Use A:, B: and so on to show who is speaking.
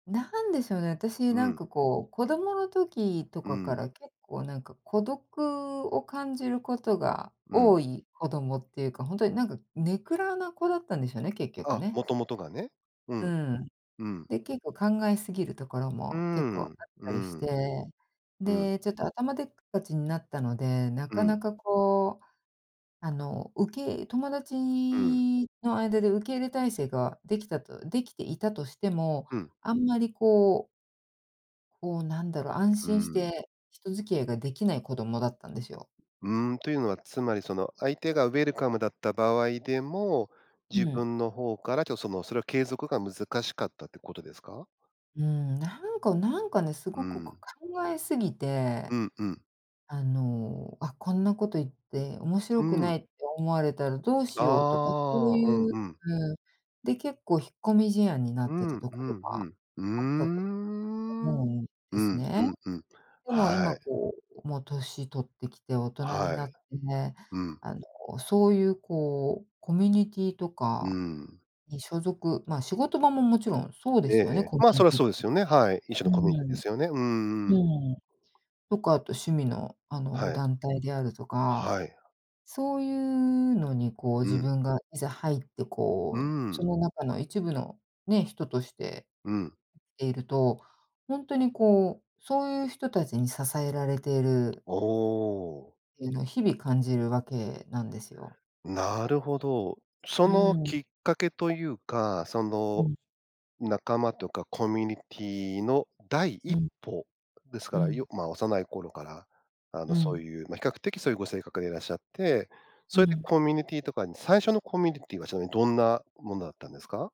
A: 何でしょうね、私
B: う
A: なん
B: ん。
A: かこう、子供の時と
B: う
A: かか
B: ん。
A: ら結構なんか孤独を感じることが
B: うん。
A: 多い子供っていうか、ほんとになんか根暗な子だったんでしょうね、結局
B: あ、
A: ね。
B: もともとがね。う
A: う
B: ん、
A: ん。
B: うん。
A: で、結構考えすぎるところ
B: うー
A: も結構あ
B: ん、
A: っ
B: う
A: たりして、
B: ん。うん。
A: で、ちょっと頭でっかちになったので、な
B: う
A: かな
B: ん。
A: かこう、あの受けい友達
B: うん。
A: の間で受け入れ体制ができたと出来ていたとしても、
B: うん。
A: あんまりこうこうなんだろう、安
B: うー
A: 心し
B: ん。
A: て人付き合いができない子供だったんですよ。
B: うーん、というのはつまりその、相手がウェルカムだった場合でも、
A: う
B: 自
A: ん。
B: 分の方からちょっと、その、それを継続が難しかったってことですか？
A: うーん、なんかなんかね、す
B: う
A: ごくこ
B: ん。
A: う考えすぎ
B: う
A: て、
B: んうん。
A: あの、あ、こんなこと言って面
B: う
A: 白く
B: ん。
A: ないって思われたらどうしようとか、そう
B: ああ、うん
A: いう、
B: うん。
A: うん、で結構引っ込み思案にな
B: う
A: って
B: ん
A: たと
B: う
A: こ
B: ん
A: ろ
B: う
A: が
B: ん。うー
A: あったと
B: ん。う
A: 思
B: ん
A: うん
B: う
A: ですね。
B: んうん、
A: でも
B: は
A: 今
B: い。
A: こうもう歳取ってきて大人に
B: は
A: な
B: い。
A: って、
B: うん。
A: あのそういうこうコミュニティと
B: うー
A: か
B: ん。
A: に所属ま、仕事場ももちろんそうで
B: えええ
A: すよね、
B: え。
A: コミ
B: ま、
A: ュ
B: そ
A: ニ
B: れは
A: ティっ
B: そう
A: て。
B: ですよね、はい。一種
A: うー
B: のコミュニティで
A: ん、
B: すよね。うんうん。
A: うーん。とかあと趣味のあの
B: はい。
A: 団体であるとか、
B: はい。
A: そういうのにこう
B: う
A: 自
B: ん。
A: 分がいざ入って
B: うー
A: こうそ
B: ん。
A: の中の一部のね、人として、
B: うん。
A: ていると、ほんとにこう、そういう人たちに支えられている
B: おお。
A: っていうのを日々感じる訳なんですよ。
B: なるほど。そ
A: う
B: の
A: ーん。
B: きっかけというか、そ
A: う
B: の、
A: ん。
B: 仲間とかコミュニティの第
A: う
B: 一
A: ん。
B: 歩です
A: う
B: から、い
A: ん。
B: よま、幼い頃から、あ
A: う
B: の、そう
A: ん。
B: いう、ま、比較的そういうご性格でいらっしゃって、
A: う
B: それで
A: ん。
B: コミュニティとかに、最初のコミュニティはちなみにどんなものだったんですか？